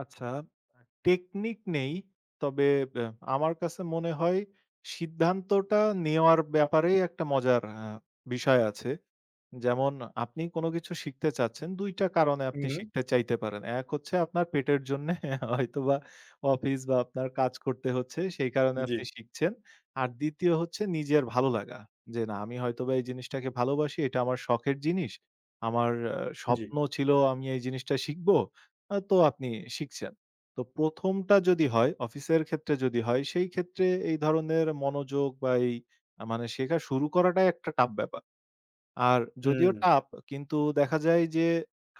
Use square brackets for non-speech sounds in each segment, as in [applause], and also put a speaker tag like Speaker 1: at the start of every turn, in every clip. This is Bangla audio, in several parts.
Speaker 1: আচ্ছা, আ টেকনিক নেই। তবে ব্যা আমার কাছে মনে হয় সিদ্ধান্তটা নেওয়ার ব্যাপারে একটা মজার অ্যা বিষয় আছে। যেমন আপনি কোন কিছু শিখতে চাচ্ছেন, ২ টা কারণে আপনি
Speaker 2: উহু।
Speaker 1: শিখতে চাইতে পারেন। ১ হচ্ছে আপনার পেটের জন্যে, [chuckles] হয়তোবা অফিস বা আপনার কাজ করতে হচ্ছে সেই কারণে আপনি
Speaker 2: জি।
Speaker 1: শিখছেন। আর ২য় হচ্ছে নিজের ভালো লাগা। যে "না, আমি হয়তোবা এই জিনিসটাকে ভালোবাসি। এটা আমার শখের জিনিস। আমার আ
Speaker 2: জি।
Speaker 1: স্বপ্ন ছিল আমি এই জিনিসটা শিখব।" আ তো আপনি শিখছেন। তো ১ম টা যদি হয় অফিসের ক্ষেত্রে যদি হয়, সেইক্ষেত্রে এই ধরনের মনোযোগ বা এই আ মানে শেখা শুরু করাটাই একটা tough ব্যাপার। আর যদিও
Speaker 2: উম।
Speaker 1: tough কিন্তু দেখা যায় যে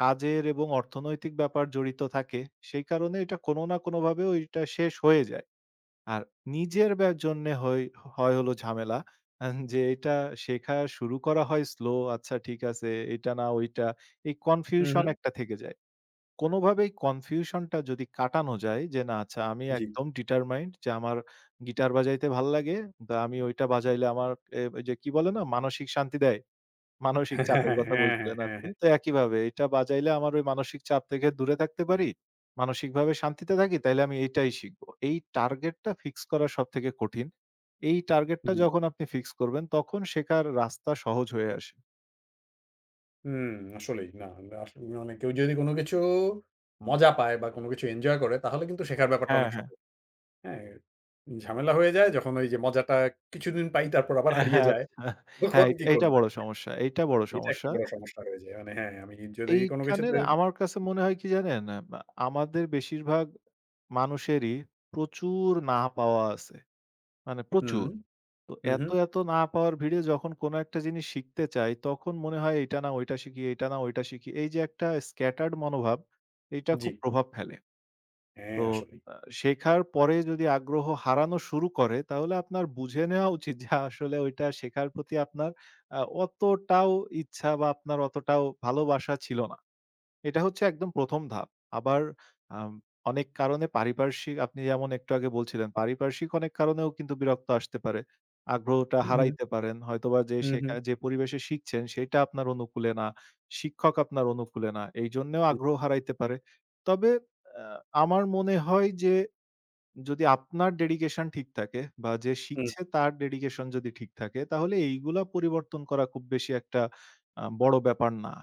Speaker 1: কাজের এবং অর্থনৈতিক ব্যাপার জড়িত থাকে, সেই কারণে এটা কোনো না কোনোভাবে ওইটা শেষ হয়ে যায়। আর নিজের ব্যা জন্যে হই হয় হল ঝামেলা। অ্যান যে এটা শেখা শুরু করা হয় slow আচ্ছা ঠিক আছে, এইটা না ওইটা। এই confusion
Speaker 2: উহু।
Speaker 1: একটা থেকে যায়। কোনভাবেই confusion টা যদি কাটানো যায় যে, না, "আচ্ছা আমি
Speaker 2: জি।
Speaker 1: একদম determined যে আমার গিটার বাজাইতে ভাল লাগে। দা আমি ঐটা বাজাইলে আমার অ্যা যে কি বলে না, মানসিক শান্তি দেয়।" মানসিক
Speaker 2: হ্যাঁ, হ্যাঁ,
Speaker 1: চাপের কথা
Speaker 2: হ্যাঁ, হ্যাঁ,
Speaker 1: বলছিলেন
Speaker 2: হ্যাঁ,
Speaker 1: আপনি।
Speaker 2: হ্যাঁ।
Speaker 1: তো একইভাবে "এইটা বাজাইলে আমার ওই মানসিক চাপ থেকে দূরে থাকতে পারি, মানসিকভাবে শান্তিতে থাকি তাইলে আমি এটাই শিখব।" এই target টা fix করা সবথেকে কঠিন। এই target টা
Speaker 2: জি।
Speaker 1: যখন আপনি fix করবেন তখন শেখার রাস্তা সহজ হয়ে আসে।
Speaker 2: উম আসলেই না। আমরা আসলেই অনেকে ওই যদি কোন কিছু মজা পায় বা কোন কিছু এঞ্জয় করে তাহলে কিন্তু শেখার ব্যাপারটা
Speaker 1: হ্যাঁ,
Speaker 2: অনেক
Speaker 1: হ্যাঁ।
Speaker 2: সহজ। হ্যাঁ, ঝামেলা হয়ে যায় যখন ওইযে মজাটা কিছুদিন পাই, তারপর আবার
Speaker 1: হ্যাঁ,
Speaker 2: হারিয়ে
Speaker 1: হ্যাঁ।
Speaker 2: যায়।
Speaker 1: আচ্ছা, হ্যাঁ
Speaker 2: তখন
Speaker 1: এইট
Speaker 2: "কি
Speaker 1: এইটা
Speaker 2: করবো?"
Speaker 1: বড় সমস্যা, এইটা বড়
Speaker 2: এইটা একটা
Speaker 1: সমস্যা।
Speaker 2: বড় সমস্যা হয়ে যায়। মানে হ্যাঁ আমি যদি কোন
Speaker 1: এইখানের
Speaker 2: কিছুতে
Speaker 1: আমার কাছে মনে হয় কি জানেন? এমা আমাদের বেশিরভাগ মানুষেরই প্রচুর না পাওয়া আছে। মানে
Speaker 2: হু।
Speaker 1: প্রচুর। তো
Speaker 2: হু, হু।
Speaker 1: এত, এত না পাওয়ার ভিড়ে যখন কোন একটা জিনিস শিখতে চাই তখন মনে হয় এইটা না ঐটা শিখি, এইটা না ঐটা শিখি। এইযে একটা scattered মনোভাব, এটা খুব
Speaker 2: জি।
Speaker 1: প্রভাব ফেলে।
Speaker 2: হ্যাঁ,
Speaker 1: তো
Speaker 2: আসলেই।
Speaker 1: আ শেখার পরে যদি আগ্রহ হারানো শুরু করে তাহলে আপনার বুঝে নেওয়া উচিত যে আসলে ওইটা শেখার প্রতি আপনার আ অতটাও ইচ্ছা বা আপনার অতটাও ভালোবাসা ছিল না। এটা হচ্ছে একদম ১ম ধাপ। আবার আম অনেক কারণে পারিপার্শ্বিক আপনি যেমন একটু আগে বলছিলেন পারিপার্শ্বিক অনেক কারণেও কিন্তু বিরক্ত আসতে পারে। আগ্রহটা
Speaker 2: হু, হু।
Speaker 1: হারাইতে পারেন। হয়তোবা যে
Speaker 2: হু, হু।
Speaker 1: শেখায়, যে পরিবেশে শিখছেন সেইটা আপনার অনুকূলে না। শিক্ষক আপনার অনুকূলে না। এইজন্যেও
Speaker 2: হুম।
Speaker 1: আগ্রহ হারাইতে পারে। তবে অ্যা আমার মনে হয় যে যদি আপনার dedication ঠিক থাকে বা যে
Speaker 2: হুম।
Speaker 1: শিখছে তার dedication যদি ঠিক থাকে, তাহলে এইগুলা পরিবর্তন করা খুব বেশি একটা আ বড় ব্যাপার না।